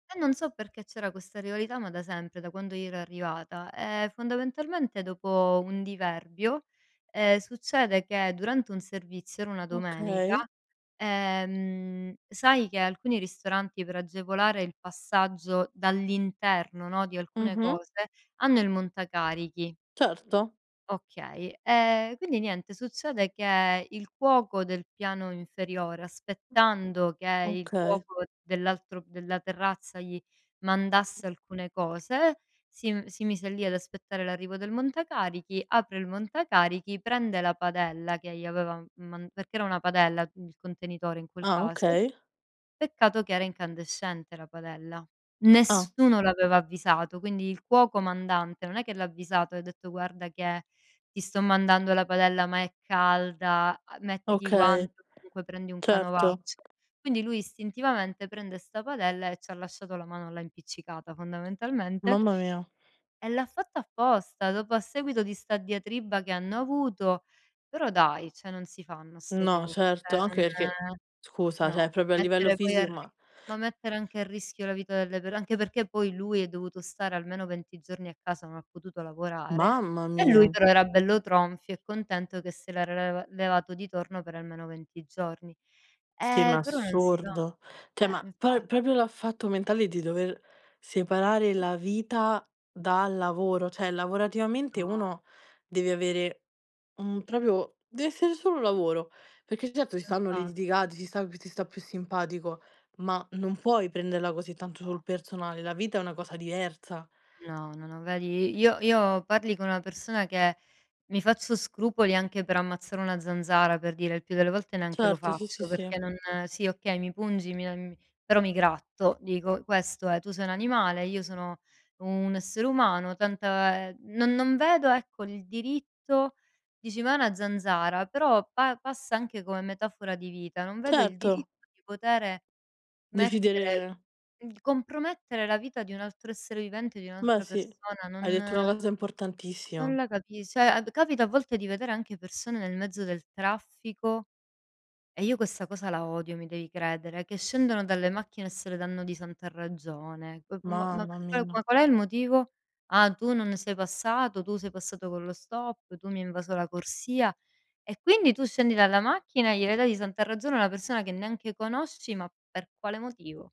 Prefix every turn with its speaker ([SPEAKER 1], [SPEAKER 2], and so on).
[SPEAKER 1] E non so perché c'era questa rivalità, ma da sempre, da quando io ero arrivata. Ehm, fondamentalmente dopo un diverbio, ehm, succede che durante un servizio, era una domenica,
[SPEAKER 2] Okay.
[SPEAKER 1] ehm, sai che alcuni ristoranti per agevolare il passaggio dall'interno, no, di alcune
[SPEAKER 2] Mh-mh.
[SPEAKER 1] cose, hanno il montacarichi.
[SPEAKER 2] Certo.
[SPEAKER 1] Okay, ehm, quindi niente, succede che il cuoco del piano inferiore, aspettando che il
[SPEAKER 2] Okay.
[SPEAKER 1] cuoco dell'altro della terrazza gli mandasse alcune cose, si m si mise lì ad aspettare l'arrivo del montacarichi, apre il montacarichi, prende la padella che gli aveva m man perché era una padella, il contenitore in quel
[SPEAKER 2] Ah
[SPEAKER 1] caso.
[SPEAKER 2] okay.
[SPEAKER 1] Peccato che era incandescente la padella.
[SPEAKER 2] Ah.
[SPEAKER 1] Nessuno l'aveva avvisato, quindi il cuoco comandante non è che l'ha avvisato e ha detto: "Guarda che ti sto mandando la padella ma è calda, uhm, mettiti i
[SPEAKER 2] Okay,
[SPEAKER 1] guanti o comunque prendi un
[SPEAKER 2] certo.
[SPEAKER 1] canovaccio". Quindi lui istintivamente prende 'sta padella e ci ha lasciato la mano là impiccicata fondamentalmente.
[SPEAKER 2] Mamma mia.
[SPEAKER 1] E l'ha fatto apposta, dopo, a seguito di sta diatriba che hanno avuto. Però dai, cioè non si fanno 'ste
[SPEAKER 2] No,
[SPEAKER 1] cose, cioè
[SPEAKER 2] certo,
[SPEAKER 1] non
[SPEAKER 2] anche perché, scusa, cioè
[SPEAKER 1] no,
[SPEAKER 2] proprio a livello
[SPEAKER 1] mettere poi a
[SPEAKER 2] fisico
[SPEAKER 1] ri
[SPEAKER 2] ma
[SPEAKER 1] ma mettere anche a rischio la vita delle per anche perché poi lui è dovuto stare almeno 20 giorni a casa, non ha potuto lavorare
[SPEAKER 2] Mamma
[SPEAKER 1] e lui
[SPEAKER 2] mia.
[SPEAKER 1] però era bello tronfio e contento che se l'era leva levato di torno per almeno 20 giorni.
[SPEAKER 2] Sì ma
[SPEAKER 1] Eh però non si fa.
[SPEAKER 2] assurdo. Cioè,
[SPEAKER 1] Eh,
[SPEAKER 2] ma
[SPEAKER 1] infatti.
[SPEAKER 2] poi, proprio dal fatto mentale di dover separare la vita dal
[SPEAKER 1] [unintelligible]
[SPEAKER 2] lavoro. Cioè lavorativamente
[SPEAKER 1] No.
[SPEAKER 2] uno deve avere un proprio deve essere solo lavoro, perché certo ci stanno
[SPEAKER 1] Infatti.
[SPEAKER 2] litigati, ci sta chi ti sta più simpatico, ma non puoi prenderla così tanto
[SPEAKER 1] No.
[SPEAKER 2] sul personale, la vita è una cosa diversa.
[SPEAKER 1] No, no, no vedi, io io parli con una persona che mi faccio scrupoli anche per ammazzare una zanzara, per dire, il più delle volte neanche lo
[SPEAKER 2] Certo, sì, sì,
[SPEAKER 1] faccio,
[SPEAKER 2] sì.
[SPEAKER 1] perché non sì, okay, mi pungi, mi am però mi gratto, dico questo è. Tu sei un animale, io sono un essere umano, tanta ehm, non non vedo, ecco, il diritto, dici: "Ma è una zanzara", però pa passa anche come metafora di vita, non vedo il
[SPEAKER 2] Certo.
[SPEAKER 1] diritto di potere mettere
[SPEAKER 2] Decidere
[SPEAKER 1] di compromettere la vita di un altro essere vivente, di
[SPEAKER 2] Beh
[SPEAKER 1] un'altra
[SPEAKER 2] sì,
[SPEAKER 1] persona,
[SPEAKER 2] hai detto
[SPEAKER 1] non
[SPEAKER 2] una cosa
[SPEAKER 1] non
[SPEAKER 2] importantissima.
[SPEAKER 1] la capis cioè ad capita a volte di vedere anche persone nel mezzo del traffico e io questa cosa la odio, mi devi credere, che scendono dalle macchine e se le danno di santa ragione. C ma
[SPEAKER 2] Mamma
[SPEAKER 1] [unintelligible]
[SPEAKER 2] mia.
[SPEAKER 1] qual è il motivo? "Ah tu non sei passato, tu sei passato con lo stop, tu mi hai invaso la corsia". E quindi tu scendi dalla macchina e gliele dai di santa ragione a una persona che neanche conosci, ma per quale motivo?